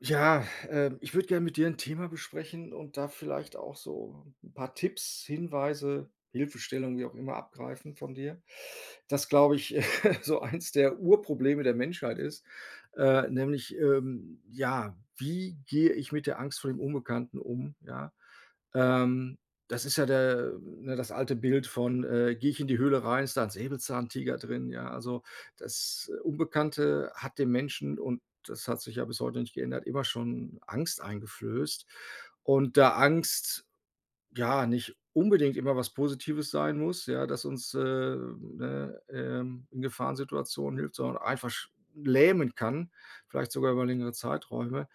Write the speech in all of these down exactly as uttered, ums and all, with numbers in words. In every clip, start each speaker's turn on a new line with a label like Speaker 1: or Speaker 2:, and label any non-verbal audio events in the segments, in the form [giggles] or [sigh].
Speaker 1: Ja, ähm, ich würde gern mit dir 'n Thema besprechen und da vielleicht auch so 'n paar Tipps, Hinweise, Hilfestellungen, wie auch immer abgreifen von dir. Das glaube ich, [giggles] so eins der Urprobleme der Menschheit ist, äh, nämlich, ähm, ja, wie gehe ich mit der Angst vor dem Unbekannten um, ja? Ähm, das ist ja der ne, das alte Bild von, äh, gehe ich in die Höhle rein, ist da 'n Säbelzahntiger drin, ja? Also, das Unbekannte hat dem Menschen und das hat sich ja bis heute nicht geändert, immer schon Angst eingeflößt und da Angst, ja, nicht unbedingt immer was Positives sein muss, ja, dass uns, äh, ne, ähm, in Gefahrensituationen hilft, sondern einfasch lähmen kann, vielleicht sogar über längere Zeiträume,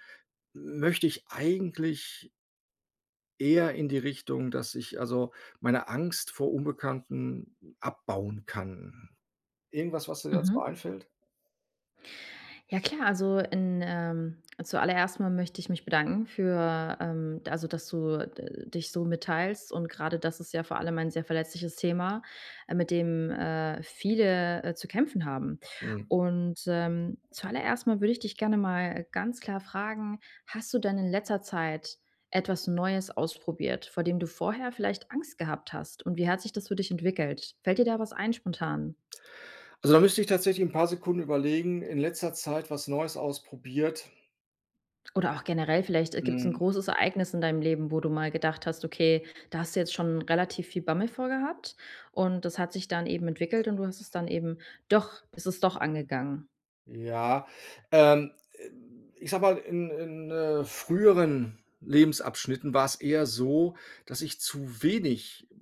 Speaker 1: möchte ich eigentlich eher in die Richtung, dass ich also meine Angst vor Unbekannten abbauen kann. Irgendwas, was dir dazu
Speaker 2: Mhm.
Speaker 1: einfällt?
Speaker 2: Ja klar, also in, ähm zu aller erst mal möchte ich mich bedanken für ähm, also dass du, äh, dich so mitteilst und grade das ist ja vor allem ein sehr verletzliches Thema, mit dem, äh, viele, äh, zu kämpfen haben.
Speaker 1: Mhm.
Speaker 2: Und, ähm, zu aller erst mal würde ich dich gerne mal ganz klar fragen, hast du denn in letzter Zeit etwas Neues ausprobiert, vor dem du vorher vielleicht Angst gehabt hast und wie hat sich das für dich entwickelt? Fällt dir da was ein spontan?
Speaker 1: Also, da müsst ich tatsächlich 'n paar Sekunden überlegen, in letzter Zeit was Neues ausprobiert
Speaker 2: Oder auch generell vielleicht, äh, gibt's 'n
Speaker 1: Mhm.
Speaker 2: großes Ereignis in deinem Leben, wo du mal gedacht hast, okay, da hast du jetzt schon relativ viel Bammel vor gehabt und das hat sich dann eben entwickelt und du hast es dann eben doch bist es doch angegangen.
Speaker 1: Ja, ähm, äh, ich sage mal, in in, äh, früheren Lebensabschnitten war's eher so, dass ich zu wenig, äh,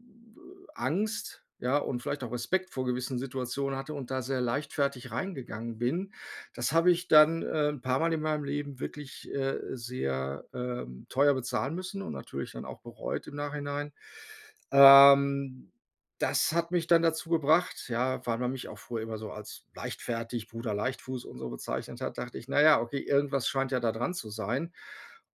Speaker 1: Angst, ja, und vielleicht auch Respekt vor gewissen Situationen hatte und da sehr leichtfertig reingegangen bin. Das habe ich dann, ähm, 'n paarmal in meinem Leben wirklich, äh, sehr, ähm, teuer bezahlen müssen und natürlich dann auch bereut im Nachhinein. Ähm, das hat mich dann dazu gebracht, ja, weil man mich auch früher immer so als leichtfertig, Bruder Leichtfuß und so bezeichnet hat, dachte ich: „Na ja okay, irgendwas scheint ja da dran zu sein.“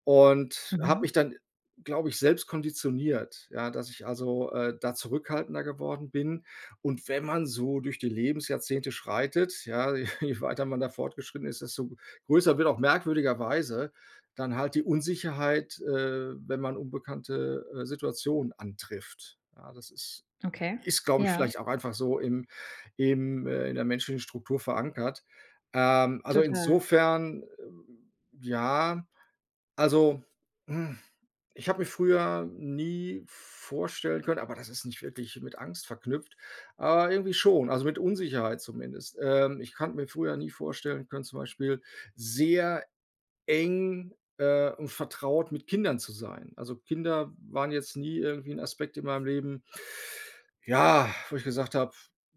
Speaker 1: Und habe
Speaker 2: Mhm.
Speaker 1: mich dann, glaube ich, selbst konditioniert, ja, dass ich also, äh, da zurückhaltender geworden bin. Und wenn man so durch die Lebensjahrzehnte schreitet, ja, je weiter man da fortgeschritten ist, desto g größer wird auch merkwürdigerweise dann halt die Unsicherheit, äh, wenn man unbekannte, äh, Situationen antrifft. Ja, das ist
Speaker 2: Okay,
Speaker 1: ist glaube ich
Speaker 2: ja.
Speaker 1: vielleicht auch einfach so im im äh, in der menschlichen Struktur verankert. Ähm, also
Speaker 2: Total.
Speaker 1: insofern, äh, ja, also, hm, ich habe mir früher nie vorstellen können aber das ist nicht wirklich mit Angst verknüpft, aber irgendwie schon, also, mit Unsicherheit zumindest. Ähm, ich konnte mir früher nie vorstellen können zum Beispiel sehr eng, äh, und vertraut mit Kindern zu sein. Also, Kinder waren jetzt nie irgendwie 'n Aspekt in meinem Leben, ja, wo ich gesagt habe: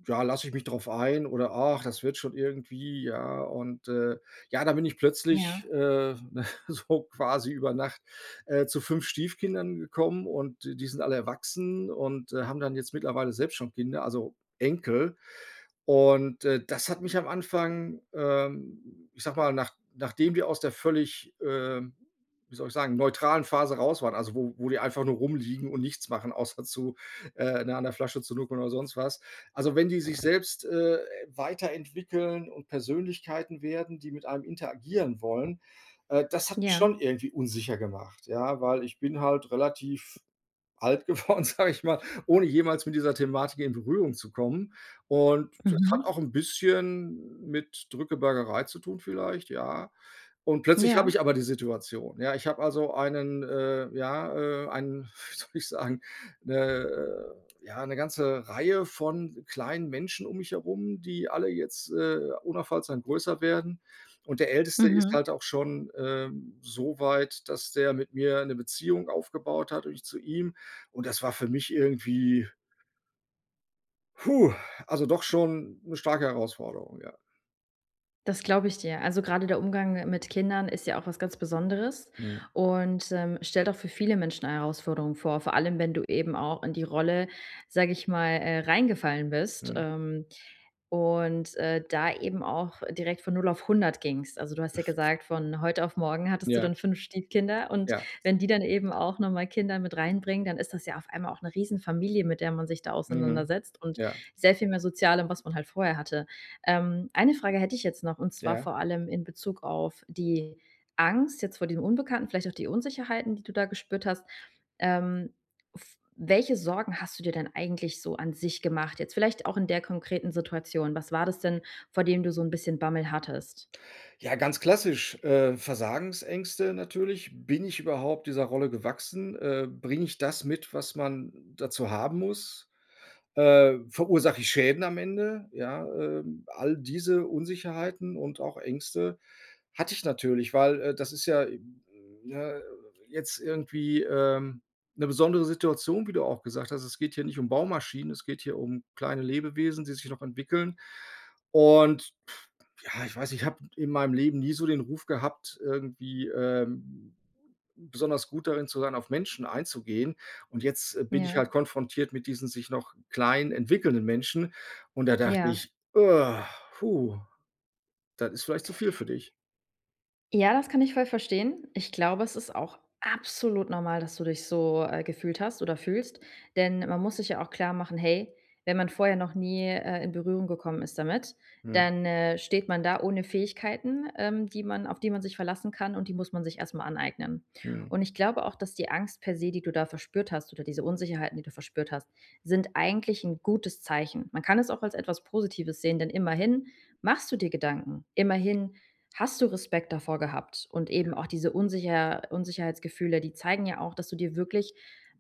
Speaker 1: „Ja, lass ich mich drauf ein oder ach, das wird schon irgendwie“, ja und, äh, ja, da bin ich plötzlich,
Speaker 2: Ja.
Speaker 1: äh, [chuckles] so quasi über Nacht, äh, zu fünf Stiefkindern gekommen und d die sind alle erwachsen und, äh, haben dann jetzt mittlerweile selbst schon Kinder, also Enkel. Und, äh, das hat mich am Anfang, ähm, ich sage mal, nach nachdem die aus der völlig, ähm, wie soll ich sagen, neutralen Phase raus waren, also wo wo die einfach nur rumliegen und nichts machen außer zu äh, ne, an der Flasche zur nuckeln oder sonst was. Also, wenn die sich selbst, äh, weiterentwickeln und Persönlichkeiten werden, die mit einem interagieren wollen, äh, das hat mich
Speaker 2: Ja.
Speaker 1: schon irgendwie unsicher gemacht, ja, weil ich bin halt relativ alt geworden, sage ich mal, ohne jemals mit dieser Thematik in Berührung zu kommen. Und das hat
Speaker 2: Mhm.
Speaker 1: auch 'n bisschen mit Drückebergerei zu tun vielleicht, ja. Und plötzlich habe
Speaker 2: Ja.
Speaker 1: ich aber die Situation, ja. Ich habe also einen äh, ja, äh, einen, wie soll ich sagen, 'ne, äh ja, 'ne ganze Reihe von kleinen Menschen um mich herum, die alle jetzt, äh, unaufhaltsam größer werden. Und der Älteste ist
Speaker 2: Mhm.
Speaker 1: halt auch schon, äh, so weit, dass der mit mir 'ne Beziehung aufgebaut hat und ich zu ihm. Und das war für mich irgendwie hu, also doch schon 'ne starke Herausforderung, ja.
Speaker 2: Das glaube ich dir. Also, grade der Umgang mi mit Kindern ist ja auch was ganz Besonderes
Speaker 1: Mhm.
Speaker 2: und, ähm, stellt auch für viele Menschen eine Herausforderung vor, vor allem wenn du eben auch in die Rolle, sage ich mal, äh, reingefallen bist,
Speaker 1: Mhm.
Speaker 2: ähm, und, äh, da eben auch direkt von null auf hundert gingst. Also, du hast ja
Speaker 1: [chuckles]
Speaker 2: gesagt, „von heute auf morgen hattest du
Speaker 1: Ja.
Speaker 2: dann fünf Stiefkinder“ und
Speaker 1: Ja.
Speaker 2: wenn die dann eben auch noch mal Kinder mit reinbringen, dann ist das ja auf einmal auch 'ne riesen Familie, mit der man sich da
Speaker 1: Mhm.
Speaker 2: auseinandersetzt und
Speaker 1: Ja.
Speaker 2: sehr viel mehr Sozialem, was man halt vorher hatte. Ähm, eine Frage hätte ich jetzt noch und zwar
Speaker 1: Ja.
Speaker 2: vor allem in Bezug auf die Angst jetzt vor diesem Unbekannten, vielleicht auch die Unsicherheiten, die du da gespürt hast. Ähm, f welche Sorgen hast du dir denn eigentlich so an sich gemacht, jetzt vielleicht auch in der konkreten Situation? Was war das denn, vor dem du so 'n bisschen Bammel hattest?
Speaker 1: Ja, ganz klassisch, äh, Versagensängste natürlich. Bin ich überhaupt dieser Rolle gewachsen? Äh, bringe ich das mit, was man dazu haben muss? Äh, verursache ich Schäden am Ende? Ja, äh, all diese Unsicherheiten und auch Ängste hatte ich natürlich, weil, äh, das ist ja, ne, jetzt irgendwie, ähm, 'ne besondere Situation, wie du auch gesagt hast. Es geht hier nicht um Baumaschinen, es geht hier um kleine Lebewesen, die sich noch entwickeln. Und [blows air] ja, ich weiß, ich habe in meinem Leben nie so den Ruf gehabt irgendwie, ähm, besonders gut darin zu sein, auf Menschen einzugehen und jetzt, äh, bin ich
Speaker 2: Ja.
Speaker 1: halt konfrontiert mit diesen sich noch kleinen entwickelnden Menschen und da dachte
Speaker 2: Ja.
Speaker 1: ich: „Oh, hu, das ist vielleicht zu viel für dich“.
Speaker 2: Ja, das kann ich voll verstehen. Ich glaube, es ist auch absolut normal, dass du dich so, äh, gefühlt hast oder fühlst, denn man muss sich ja auch klarmachen: „Hey, wenn man vorher noch nie, äh, in Berührung gekommen ist damit,
Speaker 1: Mhm.
Speaker 2: dann, äh, steht man da ohne Fähigkeiten, ähm, die man auf die man sich verlassen kann und die muss man sich erst mal aneignen“.
Speaker 1: Mhm.
Speaker 2: Und ich glaube auch, dass die Angst per se, die du da verspürt hast oder diese Unsicherheiten, die du verspürt hast, sind eigentlich 'n gutes Zeichen. Man kann es auch als etwas Positives sehen, denn immerhin machst du dir Gedanken. Immerhin hast du Respekt davor gehabt und eben
Speaker 1: Ja.
Speaker 2: auch diese Unsicher Unsicherheitsgefühle, die zeigen ja auch, dass du dir wirklich,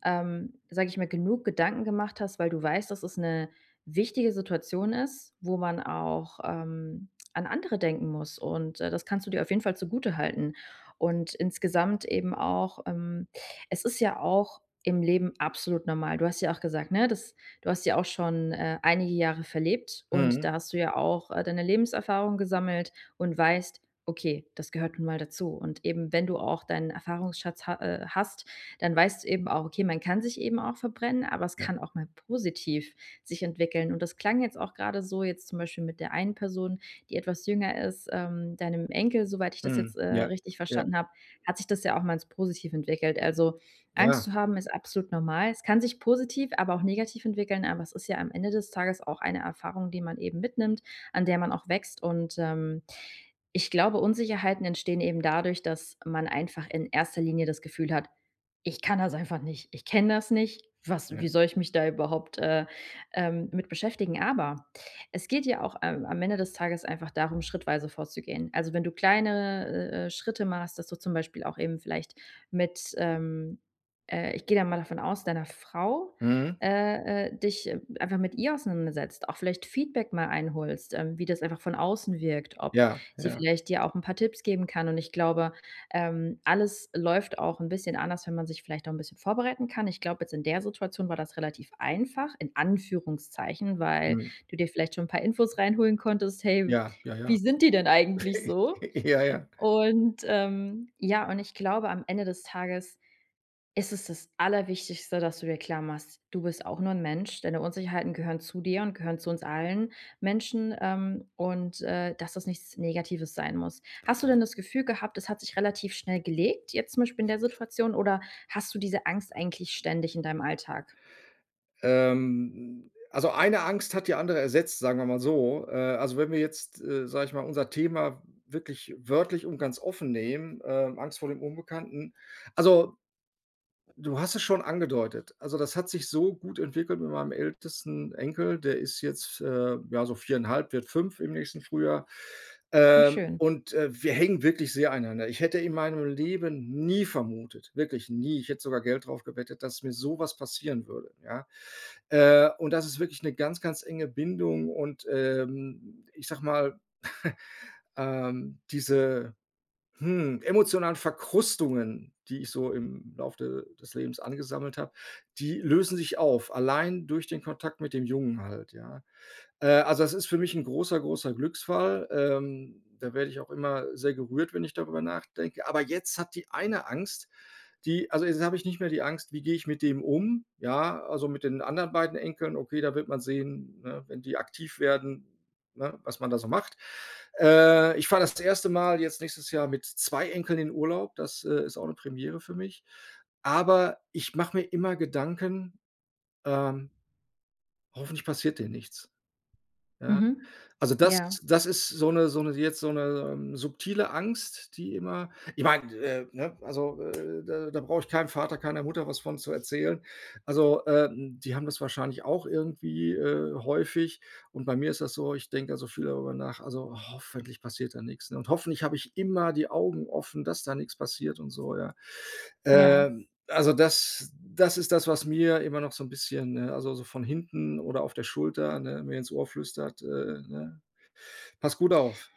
Speaker 2: ähm, sage ich mal, genug Gedanken gemacht hast, weil du weißt, dass es 'ne wichtige Situation ist, wo man auch, ähm, an andere denken muss und, äh, das kannst du dir auf jeden Fall zugutehalten. Und insgesamt eben auch, ähm es ist ja auch im Leben absolut normal. Du hast ja auch gesagt, ne, dass du hast ja auch schon, äh, einige Jahre verlebt und
Speaker 1: Mhm.
Speaker 2: da hast du ja auch, äh, deine Lebenserfahrung gesammelt und weißt: „Okay, das gehört nun mal dazu“. Und eben, wenn du auch deinen Erfahrungsschatz ha äh, hast, dann weißt du eben auch: „Okay, man kann sich eben auch verbrennen, aber es
Speaker 1: Ja.
Speaker 2: kann auch mal positiv sich entwickeln“. Und das klang jetzt auch grade so, jetzt zum Beispiel mit der einen Person, die etwas jünger ist, ähm, deinem Enkel, soweit ich das jetzt,
Speaker 1: Mhm.
Speaker 2: äh,
Speaker 1: Ja.
Speaker 2: richtig
Speaker 1: Ja.
Speaker 2: verstanden habe, hat sich das ja auch mal als positiv entwickelt. Also, Angst
Speaker 1: Ja.
Speaker 2: zu haben ist absolut normal. Es kann sich positiv, aber auch negativ entwickeln, aber es ist ja am Ende des Tages auch eine Erfahrung, die man eben mitnimmt, an der man auch wächst und, ähm, ich glaube Unsicherheiten entstehen eben dadurch, dass man einfach in erster Linie das Gefühl hat: „Ich kann das einfach nicht. Ich kenne das nicht. Was wie
Speaker 1: Ja.
Speaker 2: soll ich mich da überhaupt, äh, ähm, mit beschäftigen?“ Aber, es geht ja auch, ähm, am Ende des Tages einfach darum, schrittweise vorzugehen. Also, wenn du kleine, äh, äh, Schritte machst, dass du zum Beispiel auch eben vielleicht mit, ähm, äh, ich gehe da mal davon aus, deiner Frau,
Speaker 1: Mhm.
Speaker 2: äh, äh, dich einfach mit ihr auseinandersetzt, auch vielleicht Feedback mal einholst, ähm, wie das einfach von außen wirkt. Ob
Speaker 1: Ja,
Speaker 2: sie
Speaker 1: ja.
Speaker 2: vielleicht dir auch 'n paar Tipps geben kann. Und ich glaube, ähm, alles läuft auch 'n bisschen anders, wenn man sich vielleicht auch 'n bisschen vorbereiten kann. Ich glaube, jetzt in der Situation war das relativ einfach in Anführungszeichen, weil
Speaker 1: Mhm.
Speaker 2: du dir vielleicht schon 'n paar Infos reinholen konntest: „Hey,
Speaker 1: Ja, ja, ja.
Speaker 2: wie sind die denn eigentlich
Speaker 1: [chuckles]
Speaker 2: so?“
Speaker 1: Ja, ja.
Speaker 2: Und, ähm, ja, und ich glaube am Ende des Tages ist es das Allerwichtigste, dass du dir klar machst, du bist auch nur 'n Mensch, deine Unsicherheiten gehören zu dir und gehören zu uns allen Menschen, ähm, und, äh, dass es nichts Negatives sein muss. Hast du denn das Gefühl gehabt, es hat sich relativ schnell gelegt, jetzt zum Beispiel in der Situation oder hast du diese Angst eigentlich ständig in deinem Alltag?
Speaker 1: Ähm, also, eine Angst hat die andere ersetzt, sagen wir mal so. Äh, also, wenn wir jetzt, äh, sage ich mal, unser Thema wirklich wörtlich und ganz offen nehmen, äh, Angst vor dem Unbekannten. Also du hast es schon angedeutet. Also, das hat sich so gut entwickelt mit meinem ältesten Enkel, der ist jetzt, äh, ja so viereinhalb, wird fünf im nächsten Frühjahr.
Speaker 2: Oh
Speaker 1: Ähm,
Speaker 2: schön.
Speaker 1: und, äh, wir hängen wirklich sehr aneinander. Ich hätte in meinem Leben nie vermutet, wirklich nie, ich hätte sogar Geld drauf gewettet, dass mir sowas passieren würde, ja? Äh, und das ist wirklich 'ne ganz, ganz enge Bindung und, ähm, ich sage mal, [chuckles] ähm, diese, hm, emotionalen Verkrustungen, die ich so im Lauf de des Lebens angesammelt habe, die lösen sich auf, allein durch den Kontakt mit dem Jungen halt, ja? Äh, also, das ist für mich 'n großer, großer Glücksfall. Ähm, da werde ich auch immer sehr gerührt, wenn ich darüber nachdenke. Aber jetzt hat die eine Angst, die also, jetzt habe ich nicht mehr die Angst, wie gehe ich mit dem um, ja? Also, mit den anderen beiden Enkeln, okay, da wird man sehen, ne, wenn die aktiv werden, ne, was man da so macht. Äh, ich fahre das erste Mal jetzt nächstes Jahr mit zwei Enkeln in Urlaub, das, äh, ist auch 'ne Premiere für mich. Aber ich mache mir immer Gedanken, ähm hoffentlich passiert denen nichts. Ja?
Speaker 2: Mhm.
Speaker 1: Also,
Speaker 2: Ja.
Speaker 1: das das ist so 'ne so 'ne jetzt so 'ne, ähm, subtile Angst, die immer ich meine, äh, ne, also, äh, da da brauche ich keinem Vater, keiner Mutter was von zu erzählen. Also, ähm, die haben das wahrscheinlich auch irgendwie, äh, häufig und bei mir ist das so, ich denke da so viel darüber nach, also, „hoffentlich passiert da nichts“, ne? Und „hoffentlich habe ich immer die Augen offen, dass da nichts passiert“ und so, ja?
Speaker 2: Ja.
Speaker 1: Ähm, also, das das ist das, was mir immer noch so 'n bisschen, ne, also, so von hinten oder auf der Schulter, ne, mir ins Ohr flüstert, äh, ne: „Pass gut auf“.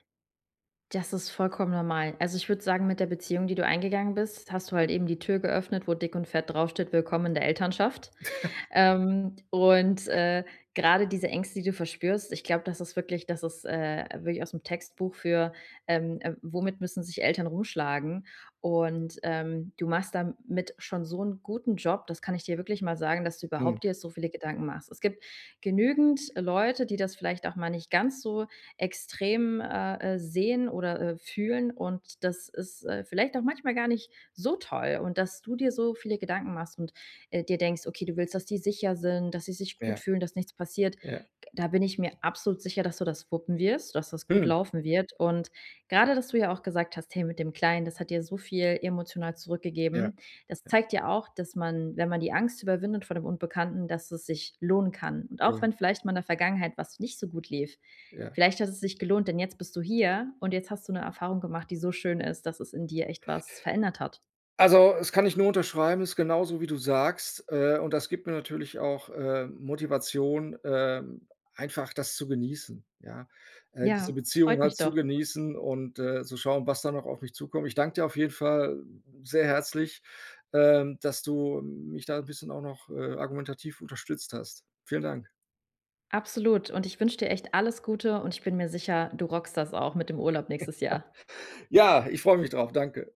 Speaker 2: Das ist vollkommen normal. Also, ich würde sagen, mit der Beziehung, die du eingegangen bist, hast du halt eben die Tür geöffnet, wo dick und fett draufsteht: „Willkommen in der Elternschaft.“
Speaker 1: [chuckles]
Speaker 2: Ähm, und, äh, grade diese Ängste, die du verspürst, ich glaube, das ist wirklich das ist, äh, wirklich ausm Textbuch für, ähm, äh: „Womit müssen sich Eltern rumschlagen?“ Und, ähm, du machst damit schon so 'n guten Job, das kann ich dir wirklich mal sagen, dass du
Speaker 1: Hm.
Speaker 2: überhaupt dir so viele Gedanken machst. Es gibt genügend Leute, die das vielleicht auch mal nicht ganz so extrem, äh, äh, sehen oder, äh, fühlen und das ist, äh, vielleicht auch manchmal gar nicht so toll. Und dass du dir so viele Gedanken machst und, äh, dir denkst, okay, du willst, dass sie sicher sind, dass sie sich gut
Speaker 1: Ja.
Speaker 2: fühlen, dass nichts passiert.
Speaker 1: Ja.
Speaker 2: Da bin ich mir absolut sicher, dass du das wuppen wirst, dass das gut
Speaker 1: Hm.
Speaker 2: laufen wird. Und grade, dass du ja auch gesagt hast: Hey, mit dem Kleinen, das hat dir so viel emotional
Speaker 1: Ja,
Speaker 2: zurückgegeben. Das
Speaker 1: ja.
Speaker 2: zeigt ja auch, dass man, wenn man die Angst überwindet vor dem Unbekannten, dass es sich lohnen kann. Und
Speaker 1: Ja,
Speaker 2: auch
Speaker 1: ja.
Speaker 2: wenn vielleicht mal in der Vergangenheit was nicht so gut lief,
Speaker 1: Ja.
Speaker 2: vielleicht hat es sich gelohnt, denn jetzt bist du hier und jetzt hast du 'ne Erfahrung gemacht, die so schön ist, dass es in dir echt was verändert hat.
Speaker 1: Also, es kann ich nur unterschreiben, ist genauso wie du sagst, äh, und das gibt mir natürlich auch, äh, Motivation, ähm, einfach das zu genießen, ja? Äh,
Speaker 2: Ja,
Speaker 1: diese
Speaker 2: es
Speaker 1: Beziehung
Speaker 2: freut
Speaker 1: halt
Speaker 2: mich
Speaker 1: zu
Speaker 2: doch.
Speaker 1: genießen und, äh, zu schauen, was da noch auf mich zukommt. Ich danke dir auf jeden Fall sehr herzlich, ähm, dass du mich da 'n bisschen auch noch, äh, argumentativ unterstützt hast. Vielen Dank.
Speaker 2: Absolut und ich wünsche dir echt alles Gute und ich bin mir sicher, du rockst das auch mit dem Urlaub nächstes Jahr.
Speaker 1: [chuckles] Ja, ich freue mich drauf. Danke.